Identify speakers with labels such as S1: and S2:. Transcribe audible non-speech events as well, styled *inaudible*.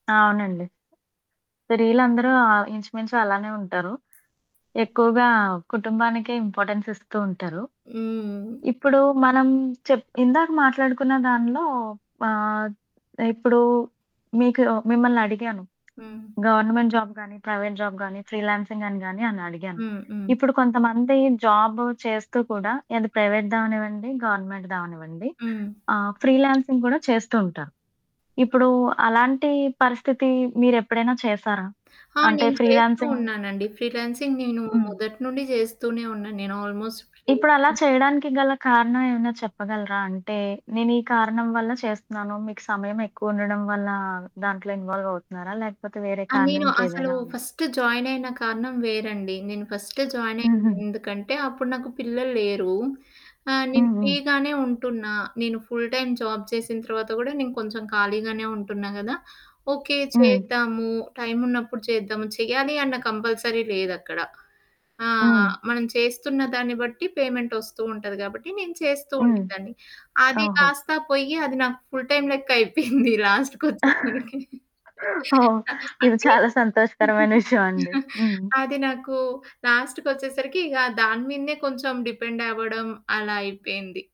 S1: అవునండి. స్త్రీలందరూ ఆహ్, ఇంచు మించు అలానే ఉంటారు. ఎక్కువగా కుటుంబానికే ఇంపార్టెన్స్ ఇస్తూ ఉంటారు.
S2: హ్మ్.
S1: ఇప్పుడు మనం చెప్ ఇందాక మాట్లాడుకున్న దానిలో ఆహ్, ఇప్పుడు మీకు మిమ్మల్నడిగాను.
S2: హ్మ్.
S1: గవర్నమెంట్ జాబ్ గాని, ప్రైవేట్ జాబ్ గాని, ఫ్రీలాన్సింగ్ అని గాని అని అడిగాను.
S2: హ్మ్. హ్మ్.
S1: ఇప్పుడు కొంతమంది జాబ్ చేస్తూ కూడా. ఏది
S2: హ్మ్.
S1: ప్రైవేట్ దావనివ్వండి, గవర్నమెంట్ దవనివ్వండి.
S2: హ్మ్.
S1: ఆహ్, ఫ్రీలాన్సింగ్ కూడా చేస్తూ ఉంటారు.
S2: హ్మ్.
S1: ఇప్పుడు అలాంటి పరిస్థితి మీరెప్పుడైనా చేశారా?
S2: ఆ!
S1: అంటే
S2: నేను చేస్తూ
S1: ఫ్రీలాన్సింగ్
S2: ఉన్నానండి. ఫ్రీలాన్సింగ్ నేను
S1: హ్మ్.
S2: మొదటి నుండి చేస్తూనే ఉన్నాను, నేను ఆల్మోస్ట్
S1: ఇప్పుడలా
S2: ఫ్రీలాన్సింగ్
S1: చేయడానికి గల కారణం ఏమైనా చెప్పగలరా? అంటే నేను ఈ కారణం వల్ల చేస్తున్నాను. మీకు సమయం ఎక్కువ ఉండడం వల్ల దాంట్లో ఇన్వాల్వ్ అవుతున్నారా? లేకపోతే వేరే
S2: ఆ!
S1: కారణం
S2: నేను అసలు
S1: ఇంకేదైనా ఉందా?
S2: ఫస్ట్ జాయిన్ అయిన కారణం వేరండి. నేను ఫస్ట్ జాయిన్ అయిన
S1: హుహు.
S2: ఎందుకంటే అప్పుడు నాకు పిల్లలు లేరు. ఆ! నేను
S1: హ్మ్.
S2: ఫ్రీ
S1: హ్మ్.
S2: గానే ఉంటున్నా. నేను ఫుల్ టైమ్ జాబ్ చేసిన తర్వాత కూడా నేను కొంచెం ఖాళీగానే ఉంటున్నా కదా! ఓకే,
S1: హ్మ్.
S2: చేద్దాము టైమున్నప్పుడు చేద్దాము. చేయాలి అన్న కంపల్సరీ లేదక్కడ. ఆ!
S1: హ్మ్.
S2: మనం చేస్తున్నదాన్ని బట్టి పేమెంట్ వస్తూ ఉంటది కాబట్టి. నేను చేస్తూ
S1: హ్మ్.
S2: ఉండేదాన్ని. అది
S1: ఓహో!
S2: కాస్తా పోయి అది నాకు ఫుల్ టైమ్ లెక్క అయిపోయింది లాస్ట్
S1: *chuckles*
S2: కోచ్చేసారికి.
S1: ఓహ్! ఇది
S2: అంటే
S1: చాలా సంతోషకరమైన విషయం అండి. హ్మ్.
S2: అది నాకు లాస్ట్‌కి వచ్చేసరికి ఇగ దాని మీదనే కొంచెం డిపెండ్ అవ్వడం అలా అయిపోయింది.